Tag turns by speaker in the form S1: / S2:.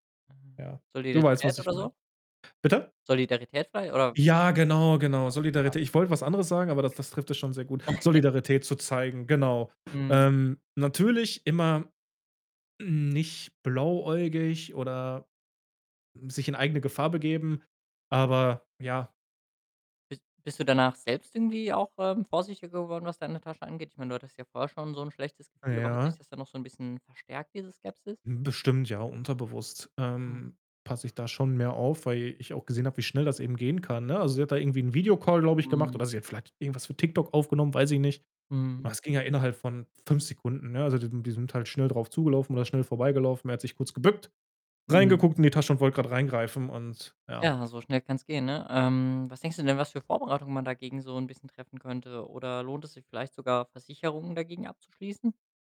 S1: Ah,
S2: Ja. Du weißt, was
S1: Solidarität
S2: ich
S1: oder
S2: meine.
S1: so?
S2: Bitte?
S1: Solidarität frei oder?
S2: Ja, genau, genau.
S1: Ja. [unintelligible]
S2: Solidaritä ich wollte was anderes sagen, aber das das trifft es schon sehr gut. Solidarität zu zeigen, genau.
S1: Mhm.
S2: Ähm, natürlich immer nicht blauäugig oder sich in eigene Gefahr begeben, aber ja.
S1: Bist bist du danach selbst irgendwie auch, ähm, vorsichtiger geworden, was deine Tasche angeht? Ich meine, du hattest ja vorher schon so 'n schlechtes Gefühl, aber hat sich
S2: Ja.
S1: das dann noch so 'n bisschen, verstärkt, diese Skepsis?
S2: Hm, bestimmt, ja, unterbewusst,
S1: Hm.
S2: ähm, passe ich da schon mehr auf, weil ich auch gesehen habe, wie schnell das eben gehen kann, ne? Also, sie hat da irgendwie 'n Videocall, glaube ich, gemacht
S1: Mhm.
S2: oder sie hat vielleicht irgendwas für Tik-Tok aufgenommen, weiß ich nicht.
S1: Mhm.
S2: Das ging ja innerhalb von 5 Sekunden, ne? Also, die sind die sind halt schnell drauf zugelaufen oder schnell vorbeigelaufen. Er hat sich kurz gebückt,
S1: Mhm.
S2: reingeguckt in die Tasche und wollt grad reingreifen und, ja.
S1: Ja, so schnell kann's gehen, ne? Ähm, was denkst du denn, was für Vorbereitungen man dagegen so 'n bisschen treffen könnte? Oder lohnt es sich vielleicht sogar, Versicherungen dagegen abzuschließen?